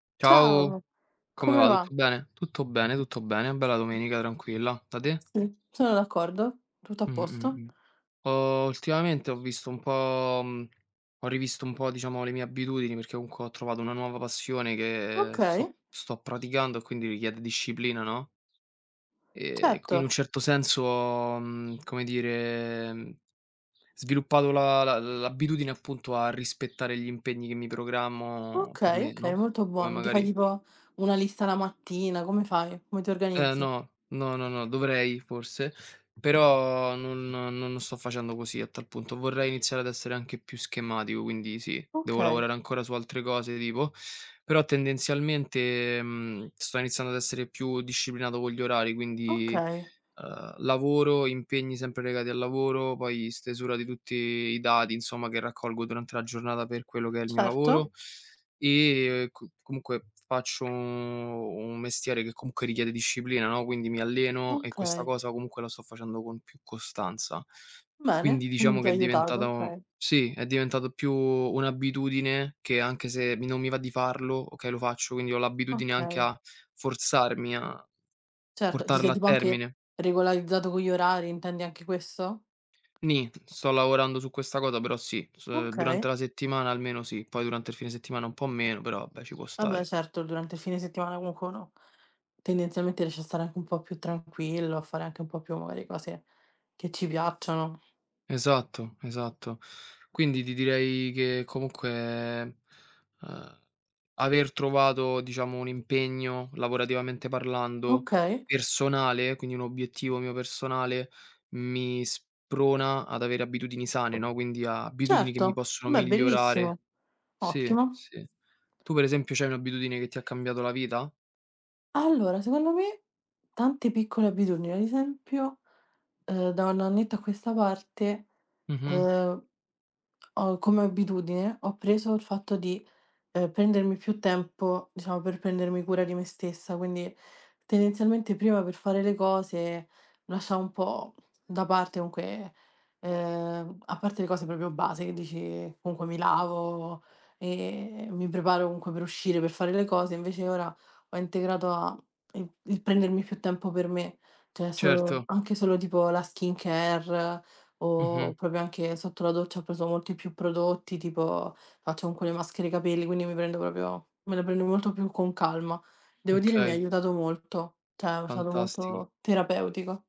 Ciao, Ciao, come come va? va? Tutto bene? Tutto bene, tutto bene. Una bella domenica tranquilla. Da te? Sì, sono d'accordo, tutto a Mh. Mh. posto. Mh. Ho ultimamente ho visto un po', mhmm, ho rivisto un po', diciamo, le mie abitudini perché comunque ho trovato una nuova passione che sto Okay. sto praticando e quindi richiede disciplina, no? Ehm, qui in un Certo. certo senso ho, mhmm, come dire, sviluppato la la l'abitudine appunto a rispettare gli impegni che mi programmo per Okay, me, okay, no, molto come buono. Ti fai magari tipo una lista la mattina? Come fai? Come ti Eh organizzi? no, no, no, no, dovrei forse, però non non non sto facendo così a tal punto. Vorrei iniziare ad essere anche più schematico, quindi sì, devo Okay. lavorare ancora su altre cose tipo, però tendenzialmente, mhmm, sto iniziando ad essere più disciplinato con gli orari, quindi, Okay. uhm, lavoro, impegni sempre legati al lavoro, poi stesura di tutti i dati, insomma, che raccolgo durante la giornata per quello che è il mio Certo. lavoro, e c comunque faccio, u un mestiere che comunque richiede disciplina, no, quindi mi alleno e questa Okay. cosa comunque la sto facendo con più costanza. Bene. Quindi Mh. diciamo Ti che ha è aiutato. diventata Okay. sì, è diventat più un'abitudine, che anche se mi non mi va di farlo, okay, lo faccio, quindi, ho l'abitudine anche Okay. a forzarmi a Certo, ti sei portarla a tipo anche termine. regolarizzato con gli orari, intendi anche questo? Nì. Sto lavorando su questa cosa però sì, s durante Okay. la settimana almeno sì, poi durante il fine settimana un po' meno, però vabbè, ci può Vabbè, stare. certo, durante il fine settimana comunque uno tendenzialmente riesce a stare anche un po' più tranquillo, a fare anche un po' più magari cose che ci piacciono. Esatto, esatto. Quindi, ti direi che comunque, mhmm, uhm, aver trovato, diciamo, un impegno lavorativamente parlando, Okay. personale, quindi un obiettivo mio personale, mi sprona ad avere abitudini sane, no, quindi abitudini che mi Certo. possono Beh, è bellissimo. migliorare Sì, Ottimo. sì. Tu per esempio c'hai un'abitudine che ti ha cambiato la vita? Allora, secondo me, tante piccole abitudini. Ad esempio, uhm, da un annetto a questa parte, Mh-mh. uhm, ho come abitudine, ho preso il fatto di, uhm, prendermi più tempo, diciamo, per prendermi cura di me stessa. Quindi, tendenzialmente prima per fare le cose lasciavo un po' da parte comunque uhm, a parte le cose proprio base che dici, comunque mi lavo, e mi preparo comunque per uscire per fare le cose, invece ora ho integrato a mhmm, il il prendermi più tempo per me, cioè solo Certo. anche solo tipo la skincare, Mh-mh. o proprio anche sotto la doccia ho preso molti più prodotti, tipo faccio comunque le maschere capelli, quindi mi prendo proprio me le prendo molto più con calma. Devo dire mi ha Okay. aiutato molto, cioè è stato Fantastico. molto terapeutico.